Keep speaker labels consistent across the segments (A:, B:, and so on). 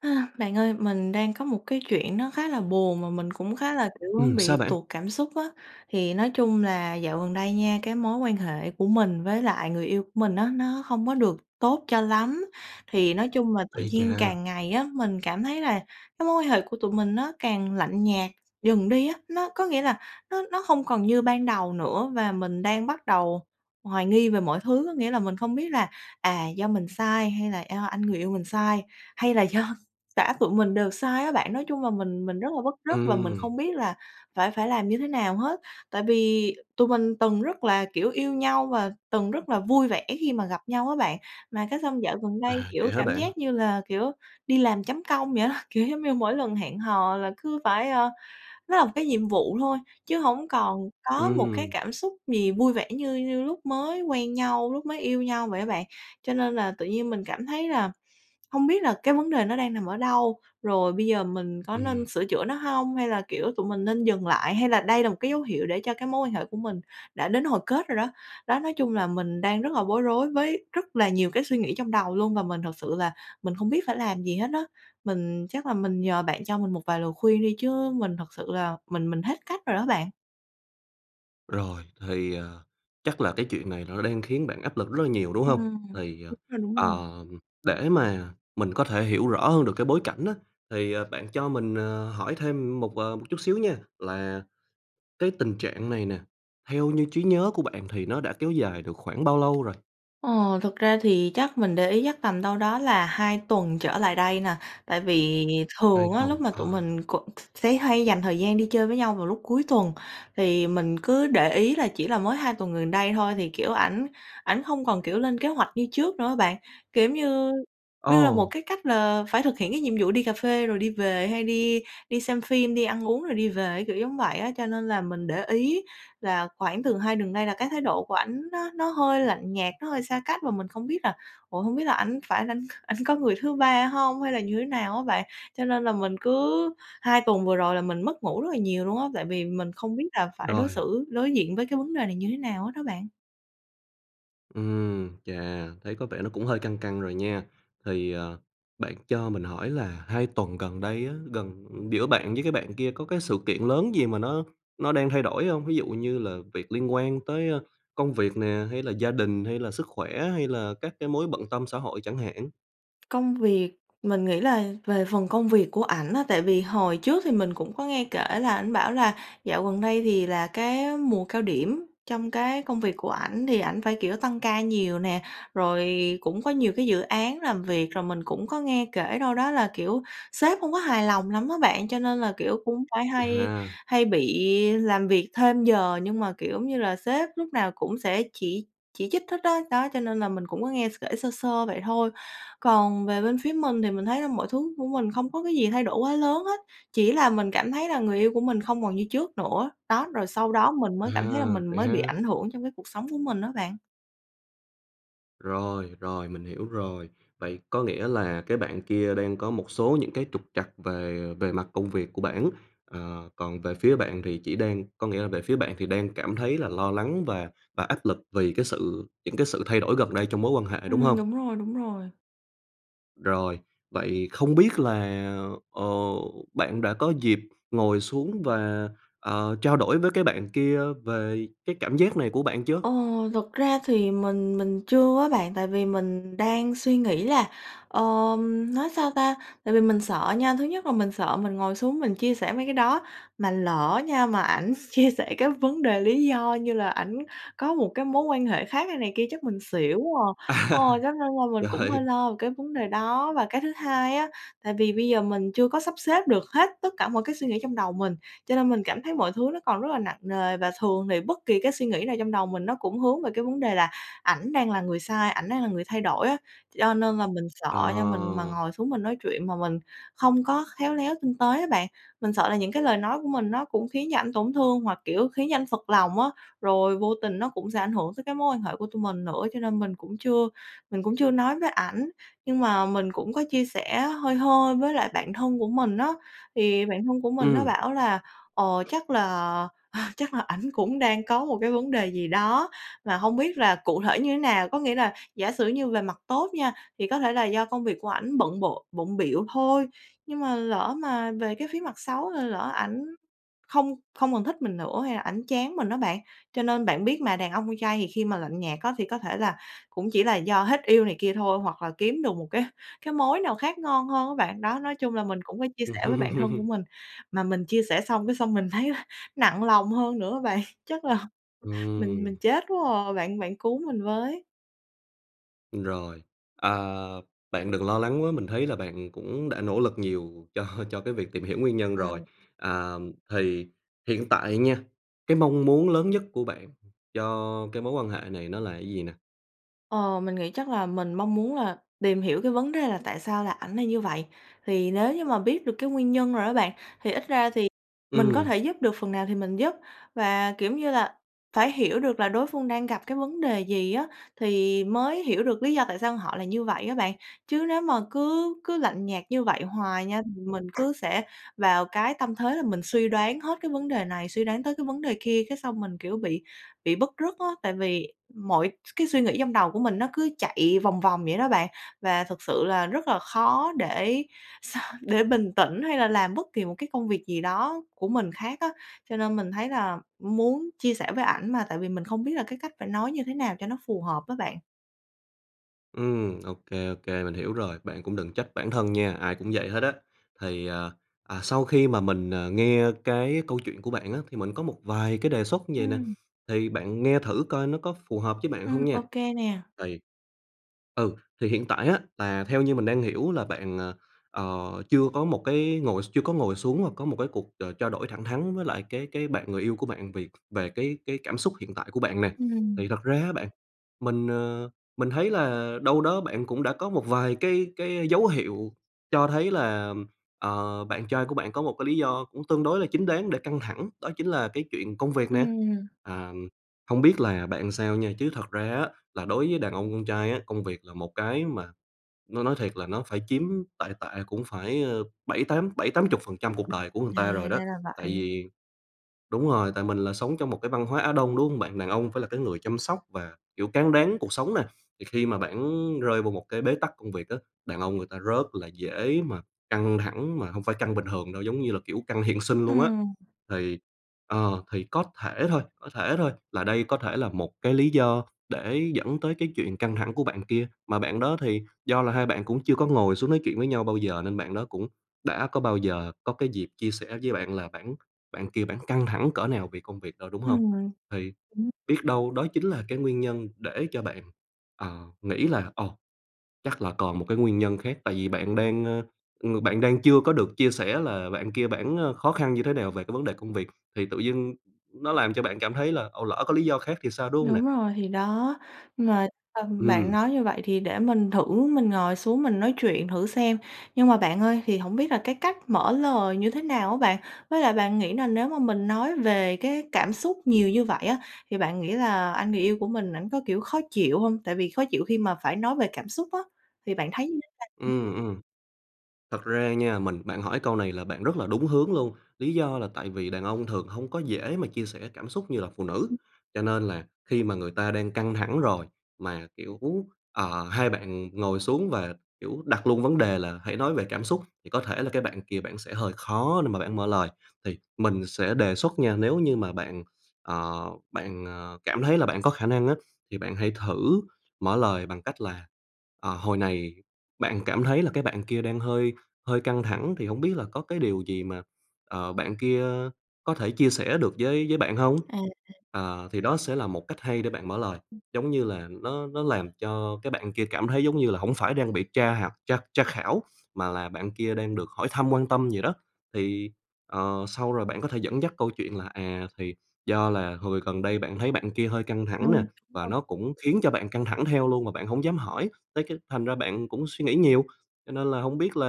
A: Ơ, bạn ơi, mình đang có một cái chuyện nó khá là buồn mà mình cũng khá là, kiểu,
B: Ừm,
A: bị
B: sao bạn?
A: tụt cảm xúc á. Thì nói chung là dạo gần đây nha, cái mối quan hệ của mình với lại người yêu của mình á, nó hông có được tốt cho lắm, thì nói chung là tự
B: Ây
A: nhiên
B: chà!
A: càng ngày á, mình cảm thấy là cái mối quan hệ của tụi mình nó càng lạnh nhạt dần đi á. Nó có nghĩa là nó nó hông còn như ban đầu nữa và mình đang bắt đầu hoài nghi về mọi thứ, có nghĩa là mình không biết là, à, do mình sai hay là do anh người yêu mình sai, hay là do cả tụi mình đều sai á bạn. Nói chung là mình mình rất là bứt rứt và mình không
B: Ừm.
A: biết là phải phải làm như thế nào hết, tại vì tụi mình từng rất là, kiểu, yêu nhau và từng rất là vui vẻ khi mà gặp nhau á bạn, mà cái xong dạo gần đây,
B: À,
A: kiểu,
B: vậy hả
A: cảm
B: bạn?
A: giác như là, kiểu, đi làm chấm công vậy á. Kiểu giống như mỗi lần hẹn hò là cứ phải, ơ, nó là một cái nhiệm vụ thôi, chứ hổng còn có một cái
B: Ừm.
A: cảm xúc gì vui vẻ như như lúc mới quen nhau, lúc mới yêu nhau vậy á bạn. Cho nên là tự nhiên mình cảm thấy là hông biết là cái vấn đề nó đang nằm ở đâu, rồi bây giờ mình có
B: Ừm.
A: nên sửa chữa nó hông hay là, kiểu, tụi mình nên dừng lại, hay là đây là một cái dấu hiệu để cho cái mối quan hệ của mình đã đến hồi kết rồi đó. Đó, nói chung là mình đang rất là bối rối với rất là nhiều cái suy nghĩ trong đầu luôn và mình thực sự là mình không biết phải làm gì hết á. Mình chắc là mình nhờ bạn cho mình một vài lời khuyên đi, chứ mình thật sự là mình mình hết cách rồi đó bạn.
B: Rồi, thì, ờ, chắc là cái chuyện này nó đang khiến bạn áp lực rất là nhiều, đúng hông?
A: Ừm,
B: Thì, ờ,
A: đúng rồi, đúng rồi.
B: ờm, để mà mình có thể hiểu rõ hơn được cái bối cảnh á, thì, ờ, bạn cho mình, ờ, hỏi thêm một, ờ, một chút xíu nha, là cái tình trạng này nè, theo như trí nhớ của bạn thì nó đã kéo dài được khoảng bao lâu rồi?
A: Ờ, thực ra thì chắc mình để ý chắc tầm đâu đó là 2 tuần trở lại đây nè. Tại vì
B: Hai
A: thường á, lúc
B: tuần,
A: mà tụi
B: ờ.
A: mình cũng s sẽ hay dành thời gian đi chơi với nhau vào lúc cuối tuần. Thì mình cứ để ý là chỉ là mới 2 tuần gần đây thôi thì, kiểu, ảnh ảnh hông còn, kiểu, lên kế hoạch như trước nữa á bạn. Kiểu giống như như là một
B: Ồ!
A: cái cách là phải thực hiện cái nhiệm vụ đi cà phê rồi đi về hay đi đi xem phim, đi ăn uống rồi đi về, kiểu giống vậy á. Cho nên là mình để ý là khoảng thường 2 tuần nay là cái thái độ của ảnh nó nó hơi lạnh nhạt, nó hơi xa cách, mà mình không biết là ủa, hông biết là ảnh phải là ảnh c ảnh có người thứ 3 hông hay là như thế nào á bạn. Cho nên là mình cứ hai tuần vừa rồi là mình mất ngủ rất là nhiều luôn á, tại vì mình không biết là phải đối
B: Rồi.
A: xử đối diện với cái vấn đề này như thế nào hết đó bạn.
B: Ừm, chà, thấy có vẻ nó cũng hơi căng căng rồi nha. Thì, ờ, bạn cho mình hỏi là 2 tuần gần đây á, gần giữa bạn với cái bạn kia có cái sự kiện lớn gì mà nó nó đang thay đổi hông? Ví dụ như là việc liên quan tới, ơ, công việc nè, hay là gia đình hay là sức khỏe hay là các cái mối bận tâm xã hội chẳng hạn.
A: Công việc, mình nghĩ là về phần công việc của ảnh á, tại vì hồi trước thì mình cũng có nghe kể là ảnh bảo là dạo gần đây thì là cái mùa cao điểm trong cái công việc của ảnh thì ảnh phải, kiểu, tăng ca nhiều nè, rồi cũng có nhiều cái dự án làm việc. Rồi mình cũng có nghe kể đâu đó là, kiểu, sếp không có hài lòng lắm á bạn, cho nên là, kiểu, cũng phải
B: Vậy
A: hay
B: ha.
A: hay bị làm việc thêm giờ, nhưng mà, kiểu, giống như là sếp lúc nào cũng sẽ chỉ chỉ trích hết á, đó, cho nên là mình cũng có nghe s kể sơ sơ vậy thôi. Còn về bên phía mình thì mình thấy là mọi thứ của mình không có cái gì thay đổi quá lớn hết, chỉ là mình cảm thấy là người yêu của mình không còn như trước nữa. Đó, rồi sau đó mình mới cảm thấy là
B: À,
A: mình
B: vậy
A: mới bị
B: ha.
A: ảnh hưởng trong cái cuộc sống của mình á bạn.
B: Rồi, rồi mình hiểu rồi. Vậy có nghĩa là cái bạn kia đang có một số những cái trục trặc về về mặt công việc của bản, ờ, còn về phía bạn thì chỉ đang có nghĩa là về phía bạn thì đang cảm thấy là lo lắng và và áp lực vì cái sự những cái sự thay đổi gần đây trong mối quan hệ, đúng
A: Ừm,
B: hông?
A: đúng rồi, đúng rồi.
B: Rồi, vậy không biết là, ờ, bạn đã có dịp ngồi xuống và, ờ, trao đổi với cái bạn kia về cái cảm giác này của bạn chưa?
A: Ờ, thực ra thì mình mình chưa á bạn, tại vì mình đang suy nghĩ là, ờm, nói sao ta, tại vì mình sợ nha, thứ nhất là mình sợ mình ngồi xuống mình chia sẻ mấy cái đó, mà lỡ nha mà ảnh chia sẻ cái vấn đề lý do như là ảnh có một cái mối quan hệ khác hay này kia chắc mình xỉu quá à
B: À,
A: ờ, [unintelligible] mình cũng hơi
B: rồi.
A: lo về cái vấn đề đó. Và cái thứ hai á, tại vì bây giờ mình chưa có sắp xếp được hết tất cả mọi cái suy nghĩ trong đầu mình, cho nên mình cảm thấy mọi thứ nó còn rất là nặng nề, và thường thì bất kỳ cái suy nghĩ nào trong đầu mình nó cũng hướng về cái vấn đề là, ảnh đang là người sai, ảnh đang là người thay đổi á. Cho nên là mình sợ
B: Ờ.
A: cho mình mà ngồi xuống mình nói chuyện mà mình không có khéo léo tinh tế á bạn, mình sợ là những cái lời nói của mình nó cũng khiến cho ảnh tổn thương hoặc, kiểu, khiến cho anh phật lòng á, rồi vô tình nó cũng sẽ ảnh hưởng tới cái mối quan hệ của tụi mình nữa. Cho nên mình cũng chưa mình cũng chưa nói với ảnh, nhưng mà mình cũng có chia sẻ hơi hơi với lại bạn thân của mình á, thì bạn thân của mình nó
B: Ừm.
A: bảo là, ờ, chắc là chắc là ảnh cũng đang có một cái vấn đề gì đó, mà hông biết là cụ thể như nào. Có nghĩa là giả sử như về mặt tốt nha, thì có thể là do công việc của ảnh bận bộ bận bịu thôi, nhưng mà lỡ mà về cái phía mặt xấu thì lỡ ảnh không không còn thích mình nữa, hay là ảnh chán mình á bạn, cho nên bạn biết mà, đàn ông con trai thì khi mà lạnh nhạt á thì có thể là cũng chỉ là do hết yêu này kia thôi, hoặc là kiếm được một cái cái mối nào khác ngon hơn á bạn. Đó, nói chung là mình cũng có chia sẻ với bạn thân của mình, mà mình chia sẻ xong cái xong mình thấy là nặng lòng hơn nữa á bạn. Chắc là mình mình
B: Ừm.
A: chết quá à, bạn bạn cứu mình với!
B: Rồi, à, bạn đừng lo lắng quá, mình thấy là bạn cũng đã nỗ lực nhiều cho cho cái việc tìm hiểu nguyên nhân rồi.
A: Ừm.
B: À, thì hiện tại nha, cái mong muốn lớn nhất của bạn cho cái mối quan hệ này nó là cái gì nè?
A: Ờ, mình nghĩ chắc là mình mong muốn là tìm hiểu cái vấn đề là tại sao là ảnh lại như vậy, thì nếu như mà biết được cái nguyên nhân rồi á bạn, thì ít ra thì mình có
B: Ừm.
A: thể giúp được phần nào thì mình giúp. Và, kiểu như là, phải hiểu được là đối phương đang gặp cái vấn đề gì á, thì mới hiểu được lý do tại sao họ là như vậy á bạn. Chứ nếu mà cứ cứ lạnh nhạt như vậy hoài nha, thì mình cứ sẽ vào cái tâm thế là mình suy đoán hết cái vấn đề này suy đoán tới cái vấn đề kia, cái xong mình, kiểu, bị bị bứt rứt á. Tại vì mọi s cái suy nghĩ trong đầu của mình nó cứ chạy vòng vòng vậy đó bạn, và thực sự là rất là khó để để bình tĩnh hay là làm bất kỳ một cái công việc gì đó của mình khác á. Cho nên mình thấy là muốn chia sẻ với ảnh mà, tại vì mình không biết là cái cách phải nói như thế nào cho nó phù hợp á bạn.
B: Ừm, ô kê, ô kê, mình hiểu rồi, bạn cũng đừng trách bản thân nha, ai cũng vậy hết á. Thì, à, à, sau khi mà mình, à, nghe cái câu chuyện của bạn á, thì mình có một vài cái đề xuất như vầy nè,
A: Ừm.
B: thì bạn nghe thử coi nó có phù hợp với bạn hông
A: Ừm, ô
B: nha.
A: kê nè.
B: Thì ừ, thì hiện tại á, là theo như mình đang hiểu là bạn, ờ, ờ, chưa có một cái ngồi x chưa có ngồi xuống và có một cái cuộc, ờ, trao đổi thẳng thắn với lại cái cái bạn người yêu của bạn về về cái cái cảm xúc hiện tại của bạn nè.
A: Ừm.
B: Thì thật ra á bạn, mình, ờ, mình thấy là đâu đó bạn cũng đã có một vài cái cái dấu hiệu cho thấy là, ờ, bạn trai của bạn có một cái lý do cũng tương đối là chính đáng để căng thẳng, đó chính là cái chuyện công việc nè.
A: Ừm.
B: À, hông biết là làm bạn sao nha, chứ thật ra á, là đối với đàn ông con trai á, công việc là một cái mà nói nói thiệt là nó phải chiếm tệ tệ cũng phải, ờ, bảy, tám bảy, tám chục phần trăm cuộc đời của người
A: À,
B: ta rồi đó,
A: ra là
B: tại
A: vậy.
B: vì đúng rồi, tại mình là sống trong một cái văn hóa Á Đông, đúng hông bạn? Đàn ông phải là cái người chăm sóc và, kiểu, cáng đáng cuộc sống nè, thì khi mà bản rơi vô một cái bế tắc công việc á, đàn ông người ta rất là dễ mà căng thẳng, mà hông phải căng bình thường đâu, giống như là, kiểu, căng hiện sinh luôn á.
A: Ừm.
B: Thì ờ, thì có thể thôi, có thể thôi, là đây có thể là một cái lý do để dẫn tới cái chuyện căng thẳng của bạn kia, mà bạn đó thì do là hai bạn cũng chưa có ngồi xuống nói chuyện với nhau bao giờ, nên bạn đó cũng đã có bao giờ có cái dịp chia sẻ với bạn là bản bản kia bản căng thẳng cỡ nào về công việc đâu, đúng hông?
A: Ừm.
B: Thì biết đâu đó chính là cái nguyên nhân để cho bạn, ờ, nghĩ là ồ, chắc là còn một cái nguyên nhân khác. Tại vì bạn đang, ờ, ng bạn đang chưa có được chia sẻ là bạn kia bản, ờ, khó khăn như thế nào về cái vấn đề công việc, thì tự dưng nó làm cho bạn cảm thấy là ồ, lỡ có lý do khác thì sao, đúng hông nè?
A: Đúng rồi, thì đó! Nhưng mà, ừm, bạn
B: Ừm.
A: nói như vậy thì để mình thử mình ngồi xuống, mình nói chuyện thử xem. Nhưng mà bạn ơi, thì hổng biết là cái cách mở lời như thế nào á bạn? Với lại bạn nghĩ là nếu mà mình nói về cái cảm xúc nhiều như vậy á, thì bạn nghĩ là anh người yêu của mình ảnh có, kiểu, khó chịu hông? Tại vì khó chịu khi mà phải nói về cảm xúc á, thì bạn thấy như thế nào?
B: Ừm, ừm. Thật ra nha, mình bạn hỏi câu này là bạn rất là đúng hướng luôn, lý do là tại vì đàn ông thường hông có dễ mà chia sẻ cảm xúc như là phụ nữ, cho nên là khi mà người ta đang căng thẳng rồi, mà, kiểu, ờ, hai bạn ngồi xuống và, kiểu, đặt luôn vấn đề là hãy nói về cảm xúc, thì có thể là cái bạn kia bạn sẽ hơi khó để mà bạn mở lời. Thì mình sẽ đề xuất nha, nếu như mà bạn, ờ, bạn, ờ, cảm thấy là bạn có khả năng á, thì bạn hãy thử mở lời bằng cách là, ờ, hồi này bạn cảm thấy là cái bạn kia đang hơi hơi căng thẳng, thì hổng biết là có cái điều gì mà, ờ, bạn kia có thể chia sẻ được với với bạn hông?
A: À.
B: Ờ, thì đó sẽ là một cách hay để bạn mở lời, giống như là nó nó làm cho cái bạn kia cảm thấy giống như là hổng phải đang bị tra học tra tra khảo, mà là bạn kia đang được hỏi thăm, quan tâm gì đó. Thì, ờ, sau rồi bạn có thể dẫn dắt câu chuyện là, à, thì do là hồi gần đây bạn thấy bạn kia hơi căng
A: Ừm,
B: thẳng nè,
A: đúng
B: và
A: rồi.
B: nó cũng khiến cho bạn căng thẳng theo luôn mà bạn hổng dám hỏi, tới cái thành ra bạn cũng suy nghĩ nhiều, cho nên là hổng biết là,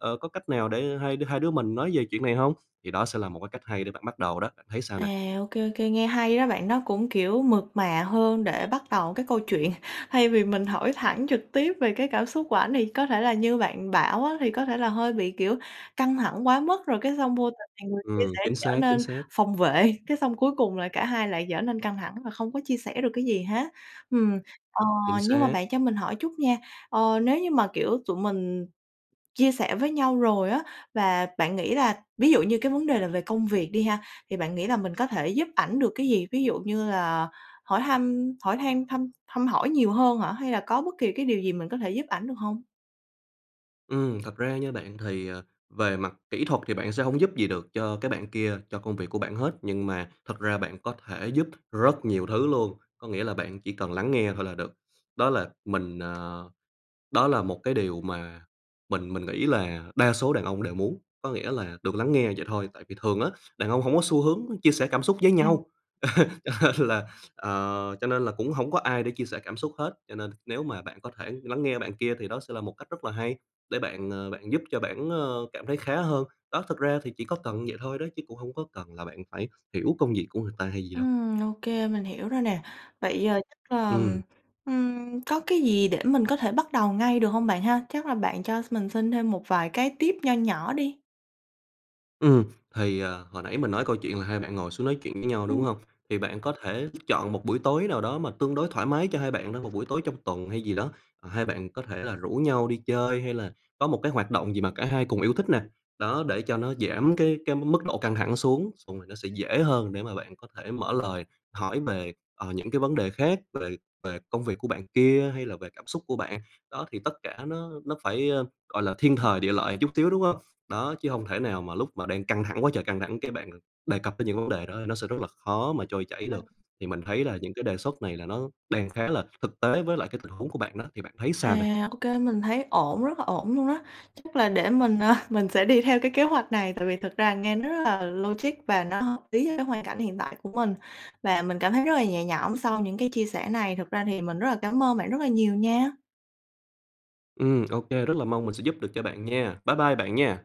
B: ờ, có cách nào để hai hai đứa mình nói về chuyện này hông. Thì đó sẽ là một cái cách hay để bạn bắt đầu đó, bạn thấy sao
A: À,
B: nè?
A: ô kê, ô kê, nghe hay đó bạn. Nó cũng, kiểu, mượt mà hơn để bắt đầu cái câu chuyện. Thay vì mình hỏi thẳng trực tiếp về cái cảm xúc của ảnh, thì có thể là như bạn bảo á, thì có thể là hơi bị, kiểu, căng thẳng quá mức, rồi cái xong vô tình thì người kia
B: Ừm,
A: sẽ
B: chính
A: trở
B: xác, chính
A: nên
B: xác.
A: phòng vệ, cái xong cuối cùng là cả hai lại trở nên căng thẳng và không có chia sẻ được cái gì hết, ừm. Ờ,
B: Chính
A: nhưng mà
B: xác.
A: bạn cho mình hỏi chút nha, ờ, nếu như mà, kiểu, tụi mình chia sẻ với nhau rồi á, và bạn nghĩ là ví dụ như cái vấn đề là về công việc đi ha, thì bạn nghĩ là mình có thể giúp ảnh được cái gì? Ví dụ như là hỏi thăm, hỏi han thăm thăm hỏi nhiều hơn hả? Hay là có bất kỳ cái điều gì mình có thể giúp ảnh được hông?
B: Ừm, thật ra nha bạn, thì, ờ, về mặt kỹ thuật thì bạn sẽ hổng giúp gì được cho cái bạn kia, cho công việc của bản hết, nhưng mà thật ra bạn có thể giúp rất nhiều thứ luôn, có nghĩa là bạn chỉ cần lắng nghe thôi là được. Đó là mình, ờ đó là một cái điều mà mình mình nghĩ là đa số đàn ông đều muốn, có nghĩa là được lắng nghe, vậy thôi. Tại vì thường á, đàn ông hông có xu hướng chia sẻ cảm xúc với
A: À.
B: nhau, cho nên là, ờ cho nên là cũng hổng có ai để chia sẻ cảm xúc hết, cho nên nếu mà bạn có thể lắng nghe bạn kia thì đó sẽ là một cách rất là hay, để bạn, ờ, bạn giúp cho bản, ờ, cảm thấy khá hơn. Đó, thực ra thì chỉ có cần vậy thôi đấy, chứ cũng hông có cần là bạn phải hiểu công việc của người ta hay gì đâu.
A: Ừm, ô kê, mình hiểu rồi nè. Vậy, ờ, chắc là, ừm,
B: Ừm.
A: ừm, có cái gì để mình có thể bắt đầu ngay được hông bạn ha? Chắc là bạn cho mình xin thêm một vài cái tip nho nhỏ đi.
B: Ừm, thì, à, hồi nãy mình nói câu chuyện là hai bạn ngồi xuống nói chuyện với nhau, đúng
A: Ừm.
B: hông? Thì bạn có thể chọn một buổi tối nào đó mà tương đối thoải mái cho hai bạn thôi, một buổi tối trong tuần hay gì đó, ờ, hai bạn có thể là rủ nhau đi chơi hay là có một cái hoạt động gì mà cả hai cùng yêu thích nè, đó, để cho nó giảm cái cái mức độ căng thẳng xuống, xong rồi nó sẽ dễ hơn để mà bạn có thể mở lời, hỏi về, ờ, những cái vấn đề khác, về về công việc của bạn kia hay là về cảm xúc của bạn. Đó, thì tất cả nó nó phải, ờ, gọi là, thiên thời, địa lợi một chút xíu, đúng hông? Đó, chứ hông thể nào mà lúc mà đang căng thẳng quá trời căng thẳng, cái bạn đề cập đến những vấn đề đó nó sẽ rất là khó mà trôi chảy
A: Ừ.
B: được. Thì mình thấy là những cái đề xuất này là nó đang khá là thực tế với lại cái tình huống của bạn đó, thì bạn thấy sao nè?
A: À, ô kê, mình thấy ổn, rất là ổn luôn á! Chắc là để mình, à, mình sẽ đi theo cái kế hoạch này, tại vì thực ra nghe nó rất là logic và nó hợp lý với hoàn cảnh hiện tại của mình. Và mình cảm thấy rất là nhẹ nhõm sau những cái chia sẻ này, thực ra thì mình rất là cám ơn bạn rất là nhiều nha.
B: Ừm, ô kê, rất là mong mình sẽ giúp được cho bạn nha, bye bye bạn nha!